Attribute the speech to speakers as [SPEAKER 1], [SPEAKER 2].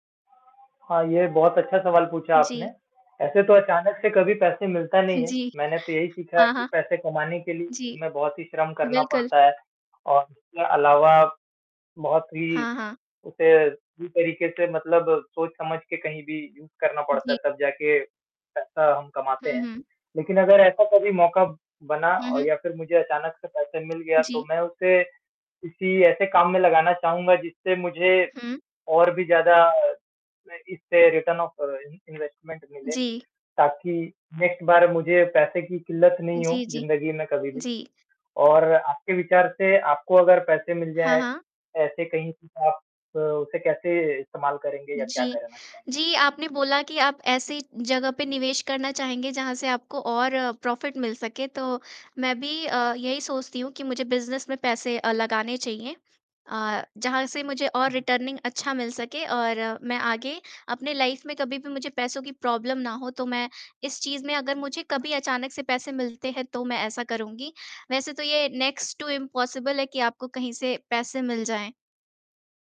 [SPEAKER 1] हाँ, ये बहुत अच्छा सवाल पूछा आपने।
[SPEAKER 2] जी।
[SPEAKER 1] ऐसे तो अचानक से कभी पैसे मिलता
[SPEAKER 2] हाँ
[SPEAKER 1] नहीं है।
[SPEAKER 2] जी,
[SPEAKER 1] मैंने तो यही सीखा है
[SPEAKER 2] हाँ,
[SPEAKER 1] कि
[SPEAKER 2] हाँ।
[SPEAKER 1] पैसे कमाने के लिए
[SPEAKER 2] जी।
[SPEAKER 1] हमें बहुत ही श्रम करना
[SPEAKER 2] बिल्कुल।
[SPEAKER 1] पड़ता है और इसके अलावा बहुत ही
[SPEAKER 2] हाँ, हाँ।
[SPEAKER 1] उसे उसी तरीके से मतलब सोच समझ के कहीं भी यूज़ करना पड़ता है,
[SPEAKER 2] जी।
[SPEAKER 1] तब जाके पैसा हम कमाते
[SPEAKER 2] हुँ,
[SPEAKER 1] हैं।
[SPEAKER 2] हुँ।
[SPEAKER 1] लेकिन अगर ऐसा कभी मौका बना
[SPEAKER 2] हुँ,
[SPEAKER 1] औ
[SPEAKER 2] हुँ।
[SPEAKER 1] या फिर मुझे अचानक से पैसा मिल गया, तो
[SPEAKER 2] जी।
[SPEAKER 1] मैं उसे किसी ऐसे काम में लगाना चाहूँगा जिससे मुझे
[SPEAKER 2] हुँ।
[SPEAKER 1] और भी ज़्यादा मैं इससे रिटर्न ऑफ और इन इन्वेस्टमेंट मिले
[SPEAKER 2] जी।
[SPEAKER 1] ताकि नेक्स्ट बार मुझे पैसे की किल्लत नहीं हो
[SPEAKER 2] जी, जी,
[SPEAKER 1] ज़िंदगी में कभी भी।
[SPEAKER 2] जी।
[SPEAKER 1] और आपके विचार से आपको अगर पैसे मिल
[SPEAKER 2] हाँ,
[SPEAKER 1] जाए,
[SPEAKER 2] हाँ।
[SPEAKER 1] ऐसे कहीं से आप उसे कैसे इस्तेमाल करेंगे या क्या
[SPEAKER 2] जी।
[SPEAKER 1] करना चाहेंगे?
[SPEAKER 2] जी, आपने बोला कि आप ऐसी जगह पे निवेश करना चाहेंगे जहाँ से आपको और प्रॉफिट मिल सके तो मैं भी अ, यही सोचती हूँ, कि मुझे बिज़नेस में पैसे अ, लगाने चाहिए अ, जहाँ से मुझे और
[SPEAKER 1] उहुँ।
[SPEAKER 2] रिटर्निंग अच्छा मिल सके और मैं आगे अपने लाइफ में कभी भी मुझे पैसों की प्रॉब्लम ना हो। तो मैं इस चीज़ में अगर मुझे कभी अचानक से पैसे मिलते हैं तो मैं ऐसा करूँगी। वैसे तो ये नेक्स्ट टू इम्पॉसिबल है कि आपको कहीं से पैसे मिल जाएँ।